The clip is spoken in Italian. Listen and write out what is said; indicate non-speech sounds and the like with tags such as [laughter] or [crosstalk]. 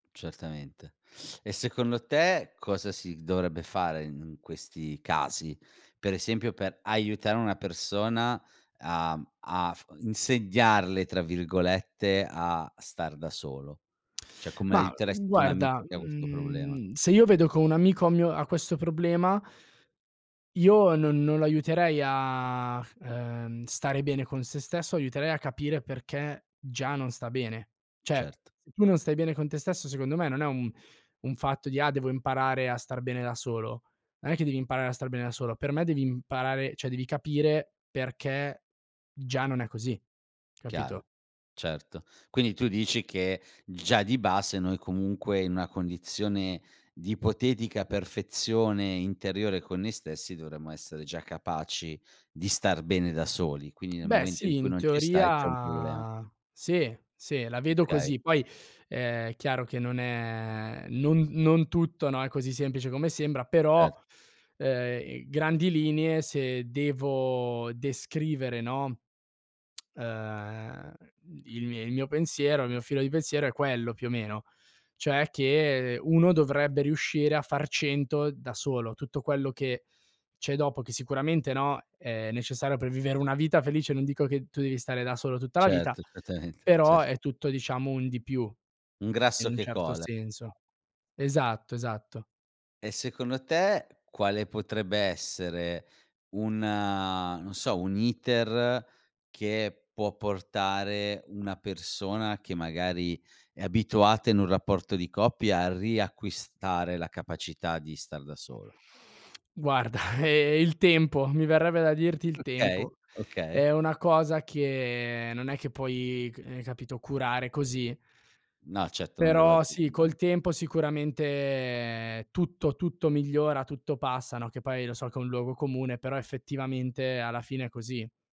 Certamente. E secondo te cosa si gh dovrebbe fare in questi casi? Per esempio, per aiutare una persona a a f "insegnarle," tra virgolette, a star da solo? Cioè come Ma, uhm, aiuteresti tu un amico guarda, che ha questo problema? mhmm, se io vedo co un amico ha mio ha questo problema io non non lo aiuterei a f ehm, stare bene con se stesso, aiuterei a capire perché già non sta bene. Cioè, Certo. se tu non stai bene con te stesso, secondo me, non è un un fatto di: "Ah, devo imparare a star bene da solo." Non è che devi imparare a star bene da solo; per me devi imparare cioè, devi capire perché già non è così, capito? Chiaro. Certo. Quindi tu dici che, già di base, noi, comunque, in una condizione di ipotetica perfezione interiore con noi stessi dovremmo essere già capaci di star bene da soli, quindi nel Beh momento in sì, cui in non ci stai c'è un problema. teoria sì, sì. La vedo Okay. così. Poi, ehm, è chiaro che non è non non tutto, no, è così semplice come sembra; però, Cer uhm, grandi linee se devo descrivere, no, uhm, il mie il mio pensiero il mio filo di pensiero è quello più o meno. Cioè che uno dovrebbe riuscire a far 100 da solo. Tutto quello che c'è dopo, che sicuramente, no, è necessario per vivere una vita felice, non dico che tu devi stare da solo tutta la vita, Certo, certamente. però Cert è tutto, diciamo, un di più, Un in grasso un che certo cola. senso. Esatto, esatto. E secondo te quale potrebbe essere un non so, un iter che può portare una persona che magari è abituata in un rapporto di coppia, a riacquistare la capacità di star da solo? Guarda [chuckles] il tempo, mi verrebbe da dirti il Okay, tempo. okay. È una cosa che non è che puoi ch eh, capito, curare così. No, certo. Non Però dall'oggi al sì, domani. col tempo sicuramente tutto tutto migliora, tutto passa, no, che poi, lo so che è un luogo comune, però effettivamente alla fine è così.